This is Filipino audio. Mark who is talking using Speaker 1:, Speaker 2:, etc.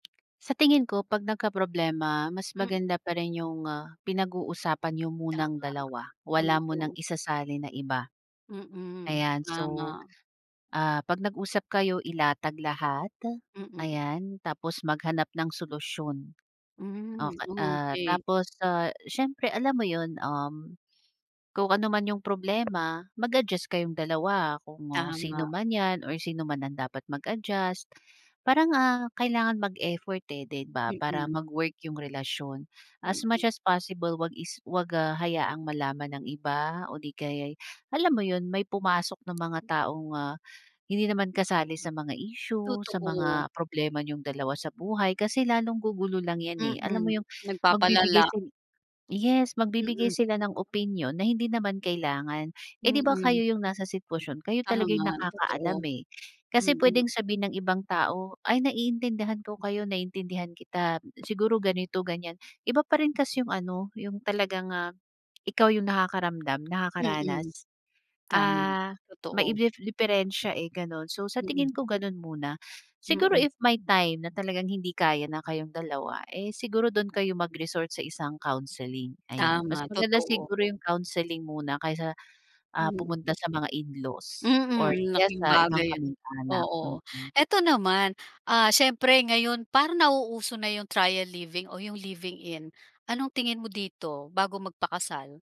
Speaker 1: Sa tingin ko, 'pag nagkaproblema, mas
Speaker 2: Mm.
Speaker 1: maganda pa rin yung, ah, pinag-uusapan niyo munang dalawa.
Speaker 2: Tama,
Speaker 1: Wala munang
Speaker 2: oo.
Speaker 1: isasali na iba,
Speaker 2: Mm,
Speaker 1: ayan. So,
Speaker 2: tama.
Speaker 1: ah, 'pag nag-usap kayo, ilatag lahat,
Speaker 2: Mm.
Speaker 1: ayan, tapos maghanap ng solusyon,
Speaker 2: Hmm,
Speaker 1: ok ah,
Speaker 2: okay.
Speaker 1: tapos, ah, siyempre, alam mo 'yon, um, kung anuman yung problema, mag-adjust kayong dalawa, kung sino
Speaker 2: Tama.
Speaker 1: man yan, or sino man ang dapat mag-adjust, parang, ah, kailangan mag-effort, eh, 'di ba, para
Speaker 2: Mm.
Speaker 1: mag-work yung relasyon. As
Speaker 2: Mm.
Speaker 1: much as possible, huwag is huwag, ah, hayaang malaman ng iba o 'di kaya'y, alam mo yun, may pumasok na mga taong, ah, hindi naman kasali sa mga issue, sa
Speaker 2: Totoo.
Speaker 1: mga problema niyong dalawa sa buhay, kasi lalong gugulo lang yan, eh, alam
Speaker 2: Mm,
Speaker 1: mo yung, magbibigay
Speaker 2: nagpapalala.
Speaker 1: sil yes, magbibigay
Speaker 2: Mm.
Speaker 1: sila ng opinyon, na hindi naman kailangan. Eh, 'di ba, kayo
Speaker 2: Mm.
Speaker 1: yung nasa sitwasyon, kayo talagang yung
Speaker 2: Tama,
Speaker 1: nakakaalam,
Speaker 2: totoo,
Speaker 1: eh, kasi
Speaker 2: mm.
Speaker 1: puwedeng sabihin ng ibang tao "Ay, naiintindihan ko kayo, naiintindihan kita, siguro ganito, ganyan", iba pa rin kasi yung ano, yung talagang, ah, ikaw yung nakakaramdam,
Speaker 2: Mm.
Speaker 1: nakakaranas.
Speaker 2: Tama,
Speaker 1: Ah, may
Speaker 2: totoo.
Speaker 1: iblef diperensiya, eh, gano'n. So, sa
Speaker 2: Mm.
Speaker 1: tingin ko gano'n muna, siguro
Speaker 2: Mm.
Speaker 1: if may time na talagang hindi kaya na kayong dalawa, eh, siguro do'n kayo mag-resort sa isang counseling, ayan. Mas
Speaker 2: Tama,
Speaker 1: maganda
Speaker 2: totoo.
Speaker 1: siguro yung counseling muna kaysa, ah,
Speaker 2: Mm.
Speaker 1: pumunta sa mga in-laws,
Speaker 2: Mm,
Speaker 1: or
Speaker 2: ang
Speaker 1: kaya
Speaker 2: laking
Speaker 1: sa ibang
Speaker 2: bagay 'yon,
Speaker 1: kamag-anak,
Speaker 2: oo.
Speaker 1: mm.
Speaker 2: Eto naman, ah, siyempre ngayon, parang nauuso na yung trial living o yung living in, anong tingin mo dito, bago magpakasal?